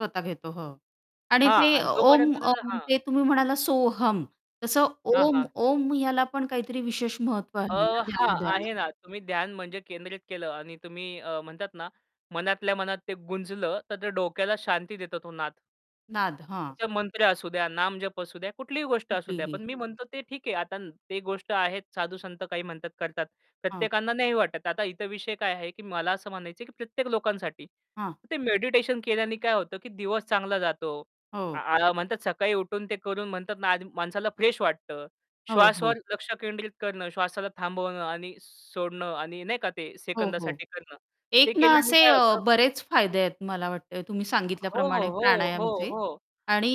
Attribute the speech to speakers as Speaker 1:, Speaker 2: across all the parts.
Speaker 1: स्वतः घेतो, हो. आणि
Speaker 2: हां.
Speaker 1: ते
Speaker 2: आणि
Speaker 1: ओम,
Speaker 2: जोपर्यंत तुझं
Speaker 1: ओम
Speaker 2: हां.
Speaker 1: ते तुम्ही म्हणाला सोहम तसं
Speaker 2: हां,
Speaker 1: ओम,
Speaker 2: हां.
Speaker 1: ओम याला पण काहीतरी विशेष महत्त्व
Speaker 2: अ,
Speaker 1: आहे ना
Speaker 2: हां,
Speaker 1: ध्यानधारणेत.
Speaker 2: आहे ना. तुम्ही ध्यान म्हणजे केंद्रित केलं आणि तुम्ही अ, म्हणतात ना मनातल्या मनात ते गुंजलं तर ते डोक्याला शांती देतो तो नाद.
Speaker 1: नाद. हां.
Speaker 2: त्याच्या मंत्र असू द्या, नामजप असू द्या. कुठलीही गोष्ट असू द्या.
Speaker 1: कुठलीही.
Speaker 2: पण मी म्हणतो ते ठीक आहे आता ते गोष्ट आहेत साधू-संत काही म्हणतात करतात.
Speaker 1: हां.
Speaker 2: प्रत्येकांना नाही वाटत. आता इतर विषय काय आहे की मला असं म्हणायचंय की प्रत्येक लोकांसाठी
Speaker 1: हां.
Speaker 2: ते मेडिटेशन केल्याने काय होतं की दिवस चांगला जातो. आ,
Speaker 1: हो.
Speaker 2: आ म्हणतात सकाळी उठून ते करून म्हणतात ना, आ माणसाला फ्रेश वाटतं.
Speaker 1: हो, हो.
Speaker 2: श्वासावर लक्ष केंद्रित करणं, श्वासाला थांबवणं आणि सोडणं आणि नाही का ते
Speaker 1: हो, हो.
Speaker 2: सेकंदासाठी करणं ते
Speaker 1: एक ना
Speaker 2: केल्याने
Speaker 1: असे
Speaker 2: काय
Speaker 1: अ,
Speaker 2: होतं?
Speaker 1: बरेच फायदे आहेत मला वाटतंय तुम्ही
Speaker 2: हो,
Speaker 1: सांगितल्याप्रमाणे
Speaker 2: हो, हो, हो,
Speaker 1: प्राणायामचे
Speaker 2: हो.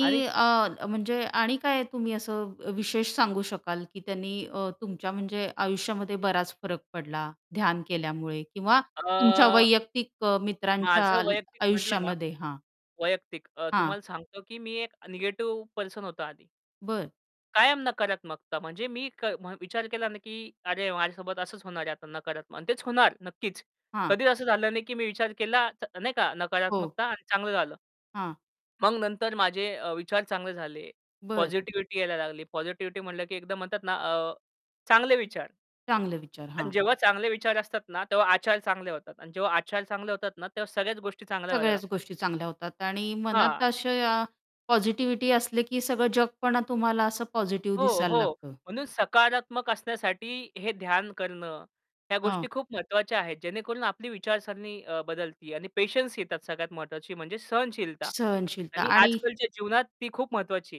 Speaker 2: आणि
Speaker 1: अ, म्हणजे आणि काय तुम्ही असं अ, विशेष सांगू शकाल की त्यांनी अ, तुमच्या म्हणजे आयुष्यामध्ये बराच फरक पडला ध्यान केल्यामुळे किंवा तुमच्या
Speaker 2: अ
Speaker 1: वैयक्तिक अ, मित्रांच्या
Speaker 2: माझं वैयक्तिक म्हटलं ना,
Speaker 1: आयुष्यामध्ये हां.
Speaker 2: वैयक्तिक अ,
Speaker 1: हां.
Speaker 2: तुम्हाला सांगतो की मी एक निगेटिव्ह पर्सन होतो आधी.
Speaker 1: बरं.
Speaker 2: कायम नकारात्मकता म्हणजे मी के विचार केला नाही की अरे, माझ्यासोबत असंच होणार आहे आता नकारात्मक आणि तेच होणार नक्कीच.
Speaker 1: हां.
Speaker 2: कधीच असं झालं नाही की मी विचार केला चा नाही का
Speaker 1: हो.
Speaker 2: नकारात्मकता आणि चांगलं झालं.
Speaker 1: हां.
Speaker 2: मग नंतर माझे अ, विचार चांगले झाले.
Speaker 1: बरं.
Speaker 2: पॉझिटिव्हिटी यायला लागली. पॉझिटिव्हिटी म्हटलं की एकदम म्हणतात ना, अ चांगले विचार.
Speaker 1: चांगले विचार.
Speaker 2: अन
Speaker 1: हां.
Speaker 2: जेव्हा चांगले विचार असतात ना, तेव्हा आचार चांगले होतात आणि जेव्हा आचार चांगले होतात ना तेव्हा सगळ्याच गोष्टी चांगल्या व्हायला
Speaker 1: सगळ्याच
Speaker 2: लागतात.
Speaker 1: गोष्टी चांगल्या होतात आणि
Speaker 2: हां.
Speaker 1: मनात अशा पॉझिटिव्हिटी असले की सगळं जगपणा तुम्हाला असं पॉझिटिव्हिटी
Speaker 2: हो,
Speaker 1: दिसायला
Speaker 2: हो,
Speaker 1: लागतं.
Speaker 2: म्हणून सकारात्मक असण्यासाठी हे ध्यान करणं ह्या गोष्टी
Speaker 1: हां.
Speaker 2: खूप महत्त्वाच्या आहेत. जेणेकरून आपली विचारसरणी अ, बदलते. आणि पेशन्स येतात सगळ्यात महत्त्वाची म्हणजे सहनशीलता.
Speaker 1: सहनशीलता.
Speaker 2: आणि
Speaker 1: आणि
Speaker 2: आजकालच्या जीवनात ती खूप महत्त्वाची आहे.